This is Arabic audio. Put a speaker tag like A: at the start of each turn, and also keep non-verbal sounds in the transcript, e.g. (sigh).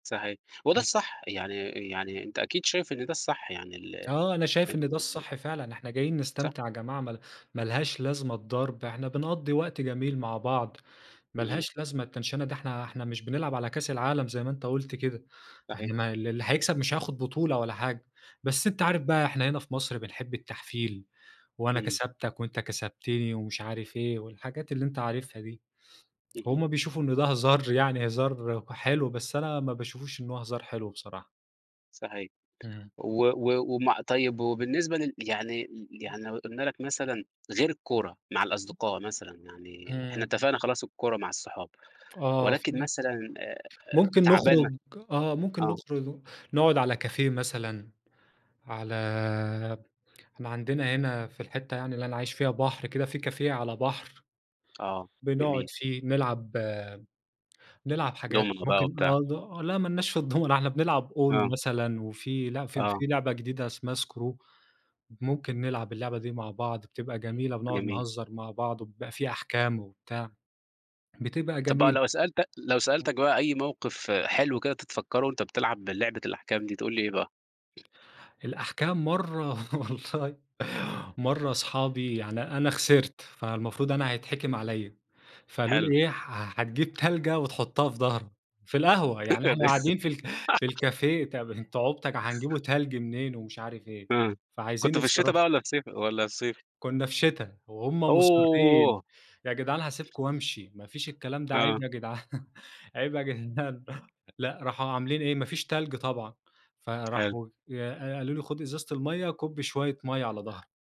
A: صحيح. وده
B: إمم.
A: الصح، يعني يعني أنت أكيد شايف إن ده الصح يعني ال
B: آه، أنا شايف إن ده
A: (unintelligible)
B: الصح فعلًا. إحنا جايين
A: صح.
B: نستمتع يا جماعة ما ما لهاش لازمة الضرب. إحنا بنقضّي وقت جميل مع بعض، ما
A: إمم.
B: لهاش لازمة التَنْشَنة دي، إحنا إحنا مش بنلعب على كاس العالم زي ما أنت قُلت كده،
A: صحيح.
B: إحنا ما ال اللي هيكسب مش هياخُد بطولة ولا حاجة. بس أنت
A: إمم.
B: عارف بقى إحنا هنا في مصر بنحب التحفيل، وأنا
A: إمم.
B: كسبتك وأنت كسبتني ومش عارف إيه، والحاجات اللي أنت عارفها دي.
A: اهم.
B: هم بيشوفوا إن ده هزار يعني هزار وحلو، بس أنا ما باشوفش إن هو هزار حلو بصراحة.
A: صحيح.
B: إمم.
A: و و ومع طيب وبالنسبة لل يعني ل
B: إمم.
A: يعني لو قُلنا لك مثلًا غير الكورة مع الأصدقاء مثلًا، يعني إحنا
B: إمم.
A: اتفقنا خلاص الكورة مع الصحاب
B: آه،
A: ولكن
B: في
A: مثلًا آآ
B: ممكن
A: تعبان
B: نخرج آه. ممكن
A: آه.
B: نخرُج نقعُد على كافيه مثلًا، على إحنا عندنا هنا في الحتّة يعني اللي أنا عايش فيها بحر كده، في كافيه على بحر
A: آه،
B: بنقعد
A: جميل.
B: فيه. نلعب نلعب حاجات
A: دومنة بقى
B: ممكن
A: بتاع.
B: آه، ل لأ ما لناش في الدومنة، إحنا بنلعب أونو
A: آه.
B: مثلًا، وفي ل في
A: آه.
B: في لعبة جديدة اسمها Skrew، ممكن نلعب اللعبة دي مع بعض بتبقى جميلة، بنقعُد
A: جميل.
B: نهزّر مع بعض، وبيبقى في أحكام وبتاع، بتبقى
A: طَب بقى
B: جميلة.
A: لو سألت لو سألتك بقى أي موقف حلو كده تتفكّره وأنت بتلعب لعبة الأحكام دي تقول لي إيه بقى؟
B: الأحكام مرّة والله، مرّة اصحابي يعني أنا خسرت، فالمفروض أنا هيتحكِم عليّا. فقالوا لي
A: حلو.
B: إيه: "ح هتجيب تلجة وتحُطّها في ضهرك." في القهوة، يعني إحنا قاعدين
A: (unintelligible)
B: في ال في
A: (laughs)
B: الكافيه، طَب أنتم عُبط ك هنجيبوا تَلْج منين ومش عارف إيه،
A: إمم.
B: فعايزين
A: كنتوا في الشِتا
B: يتصرّفوا
A: بقى والّا في صيف والّا الصيف؟
B: كُنّا في شِتا وهم مُصرِّين
A: أوه!
B: "ياجدعان هاسيبكم وأمشي ما فيش الكلام ده
A: آه.
B: عيب يا جِدعان، عيب يا جدعان." لأ، راحوا عاملين إيه، ما فيش تَلْج طبعًا
A: حلو.
B: فراحوا يا ق قالوا لي: "خُد إزازة المَيَّة، كُب شوية مَيَّة على ضهرك."